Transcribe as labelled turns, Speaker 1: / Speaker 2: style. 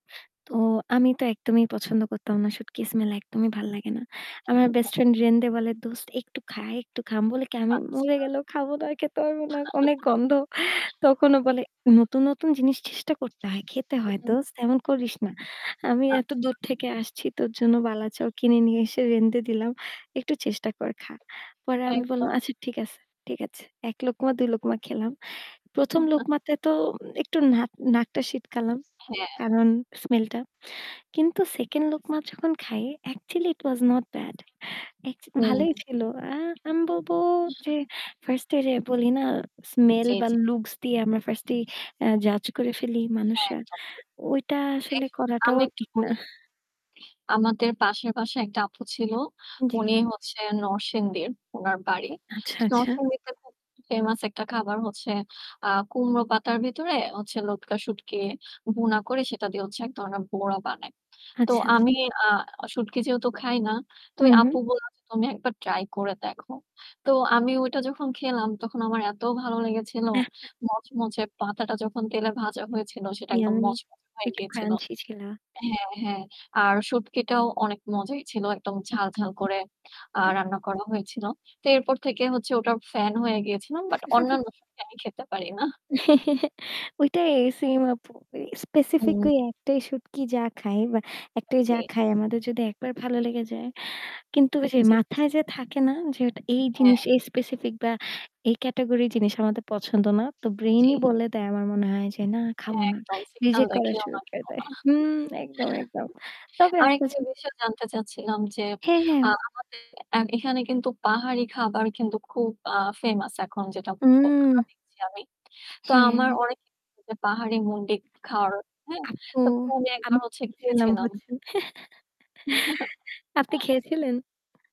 Speaker 1: তো, আমি তো একদমই পছন্দ করতাম না। শুটকি স্মেল একদমই ভাল লাগে না। আমার বেস্ট ফ্রেন্ড
Speaker 2: [unintelligible]
Speaker 1: রেন্দে বলে, "দোস্ত একটু খা, একটু খা।" আমি বলি কি, "আমি মরে
Speaker 2: আচ্ছা।
Speaker 1: গেলেও খাবো না, আর খেতে পারব না। অনেক গন্ধ।" তখন ও বলে, "নতুন, নতুন জিনিস চেষ্টা করতে হয়, খেতে
Speaker 2: হু,
Speaker 1: হয়
Speaker 2: হু।
Speaker 1: দোস্ত। এমন করিস না। আমি এত
Speaker 2: আচ্ছা।
Speaker 1: দূর থেকে আসছি, তোর জন্য 'বালাচাও' কিনে নিয়ে এসে রেধে দিলাম, একটু চেষ্টা কর, খা।" পরে আমি
Speaker 2: থ্যাংক
Speaker 1: বললাম,
Speaker 2: গড।
Speaker 1: "আচ্ছা ঠিক আছে, ঠিক আছে।" ১ লোকমা ২ লোকমা খেলাম। প্রথম লোকমাতে তো একটু নাক নাকটা শিটকালাম।
Speaker 2: হ্যাঁ।
Speaker 1: কারণ স্মেল টা। কিন্তু সেকেন্ড লোকমা যখন খায়, actually it was not bad.
Speaker 2: হু
Speaker 1: ভালোই ছিলো। আ আমি বলবো যে ফার্স্ট এ যে বলি না, স্মেল
Speaker 2: জ্বি,
Speaker 1: বা
Speaker 2: জ্বি।
Speaker 1: লুকস দিয়ে আমরা ফার্স্ট এ জাজ করে ফেলি
Speaker 2: হ্যাঁ,
Speaker 1: মানুষরা।
Speaker 2: একদম ঠিক।
Speaker 1: ওইটা
Speaker 2: হ্যাঁ,
Speaker 1: আসলে
Speaker 2: সঠিক।
Speaker 1: করাটাও
Speaker 2: আমি একটু
Speaker 1: ঠিক না।
Speaker 2: বলি আমাদের পাশের বাসায় একটা আপু ছিলো।
Speaker 1: জ্বী।
Speaker 2: উনি হচ্ছেন নরসিংদীর, উনার বাড়ি।
Speaker 1: আচ্ছা, আচ্ছা।
Speaker 2: নরসিংদীতে খুব ফেমাস একটা খাবার হচ্ছে আ কুমড়ো পাতার ভেতরে হচ্ছে লটকা শুটকি ভুনা করে সেটা দিয়ে হচ্ছে এক ধরনের বড়া বানায়। তো
Speaker 1: আচ্ছা, আচ্ছা।
Speaker 2: আমি আ শুটকি যেহেতু খাই না। তো
Speaker 1: হু,
Speaker 2: ওই
Speaker 1: হু।
Speaker 2: আপু বলল "তুমি একবার ট্রাই করে দেখো।" তো আমি ওইটা যখন খেলাম তখন আমার এত ভালো লেগেছিলো। মচমচে পাতাটা যখন তেলে ভাজা হয়েছিল সেটা একদম
Speaker 1: ইয়াম্মি
Speaker 2: মচমচে হয়ে
Speaker 1: একটু
Speaker 2: গিয়েছিল
Speaker 1: ক্রাঞ্চি ছিলো।
Speaker 2: হ্যাঁ, হ্যাঁ। আর শুটকিটাও অনেক মজাই ছিল। একদম ঝাল, ঝাল করে আ রান্না করা হয়েছিলো। তো এরপর থেকে হচ্ছে ওটার ফ্যান হয়ে গিয়েছিলাম। বাট অন্যান্য শুটকি আমি খেতে পারি না।
Speaker 1: ঐটাই সেম আপু।
Speaker 2: হুম।
Speaker 1: স্পেসিফিকালি একটাই শুটকি যা খায় বা একটাই যা
Speaker 2: জী।
Speaker 1: খায় আমাদের যদি একবার ভালো লেগে যায়। কিন্তু ওই যে
Speaker 2: জ্বী।
Speaker 1: মাথায় যে থাকে না, যে ওটা এই
Speaker 2: হ্যাঁ।
Speaker 1: জিনিস, এই স্পেসিফিক বা এই ক্যাটেগরির জিনিস আমাদের পছন্দ না। তো ব্রেইন
Speaker 2: জি।
Speaker 1: ই বলে দেয়। আমার মনে হয়, যে, "না খাবো
Speaker 2: হ্যাঁ,
Speaker 1: না।"
Speaker 2: একদম সিগন্যাল
Speaker 1: রিজেক্ট করা
Speaker 2: দেখিও
Speaker 1: শুরু
Speaker 2: না কি
Speaker 1: করে দেয়। হু একদম, একদম।
Speaker 2: করা
Speaker 1: তবে,।
Speaker 2: আরেকটা
Speaker 1: [unintelligible]
Speaker 2: বিষয় জানতে চাচ্ছিলাম যে,
Speaker 1: হ্যাঁ, হ্যাঁ।
Speaker 2: আমাদের এন্ড এখানে কিন্তু পাহাড়ি খাবার কিন্তু খুব আ ফেমাস এখন যেটা
Speaker 1: উম।
Speaker 2: আমরা দেখছি আমি। তো
Speaker 1: হ্যাঁ।
Speaker 2: আমার অনেক পাহাড়ি মন্ডি খাওয়ার, হ্যাঁ।
Speaker 1: আপু
Speaker 2: তো আমি একবার
Speaker 1: আমি
Speaker 2: হচ্ছে
Speaker 1: বলছিলাম
Speaker 2: গিয়েছিলাম।
Speaker 1: হচ্ছে। আপনি খেয়েছিলেন?